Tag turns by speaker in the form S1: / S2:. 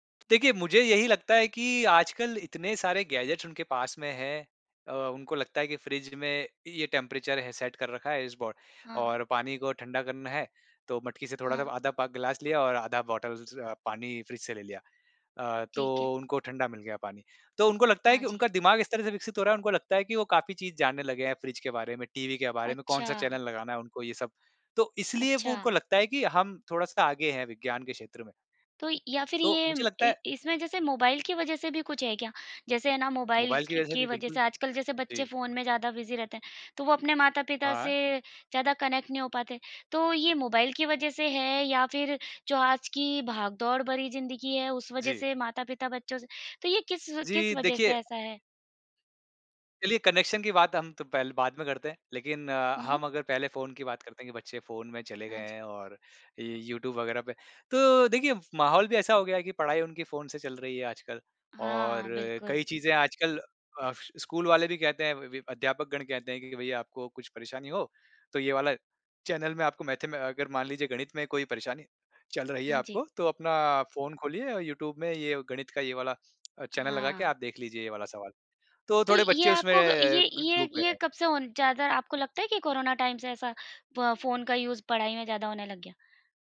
S1: देखिए मुझे यही लगता है कि आज कल इतने सारे गैजेट्स उनके पास में हैं अ, उनको लगता है कि फ्रिज में ये टेंपरेचर है सेट कर रखा है इस बो
S2: हाँ।
S1: और पानी को ठंडा करना है, तो मटकी से थोड़ा जब
S2: हाँ।
S1: आधा प ग्लास लिया और आधा बॉटल ज़ पानी फ्रिज से ले लिया। अ,
S2: ठीक है।
S1: तो उनको ठंडा मिल गया पानी, तो उनको लगता है
S2: हाँ
S1: कि
S2: जी।
S1: उनका दिमाग़ इस तरह से विकसित हो रहा है उनको लगता है कि वो काफ़ी चीज़ जानने लगे हैं फ्रिज के बारे में, टीवी के बारे में, कौन-सा
S2: अच्छा।
S1: चैनल लगाना है उनको ये सब, तो इसलिए वो उनको
S2: अच्छा।
S1: लगता है कि हम थोड़ा-सा आगे हैं विज्ञान के क्षेत्र में।
S2: तो या फिर
S1: तो,
S2: ये
S1: मुझे लगता
S2: इ
S1: है
S2: इसमें जैसे मोबाइल की वजह से भी कुछ है क्या? जैसे है ना मोबाइल
S1: मोबाइल की
S2: क
S1: वजह से
S2: की
S1: भी
S2: वजह से
S1: बिल्कुल।
S2: आजकल जैसे बच्चे
S1: जी।
S2: फ़ोन में ज़्यादा बिज़ी रहते हैं। तो वो अपने माता-पिता
S1: हाँ।
S2: से ज़्यादा कनेक्ट नहीं हो पाते, तो ये मोबाइल की वजह से है? या फिर जो आज की भाग-दौड़ भरी ज़िंदगी है उस वजह
S1: जी।
S2: से माता-पिता बच्चों से तो ये किस किस
S1: जी,
S2: वजह से
S1: देखिए
S2: ऐसा है?
S1: चलिए कनेक्शन की बात हम तो पहले बाद में करते हैं। लेकिन अ,
S2: हुँ।
S1: हम अगर पहले फ़ोन की बात करते हैं कि बच्चे फ़ोन में चले गए
S2: हाँ जी।
S1: हैं और यूट्यूब वग़ैरह पे, तो देखिए माहौल भी ऐसा हो गया है कि पढ़ाई उनकी फ़ोन से चल रही है आजकल और
S2: हाँ,
S1: कई
S2: बिल्कुल।
S1: चीज़ें आजकल अ, स्कूल वाले भी कहते हैं वि अध्यापकगण कहते हैं कि भई आपको कुछ परेशानी हो, तो ये वाला चैनल में आपको मैथमें अगर मान लीजिए गणित में कोई परेशानी चल रही है
S2: हाँ जी।
S1: आपको, तो अपना फ़ोन खोलिए यूट्यूब में ये गणित का ये वाला चैनल लगा के
S2: हाँ।
S1: आप देख लीजिए ये वाला सवाल। तो
S2: तो
S1: थोड़े
S2: ये
S1: बच्चे उसमें
S2: आपको, ये
S1: क
S2: ये
S1: डूब गए
S2: ये,
S1: हैं।
S2: कब से होन ज़्यादा आपको लगता है कि कोरोना टाइम से ऐसा ब फ़ोन का यूज़ पढ़ाई में ज़्यादा होने लग गया?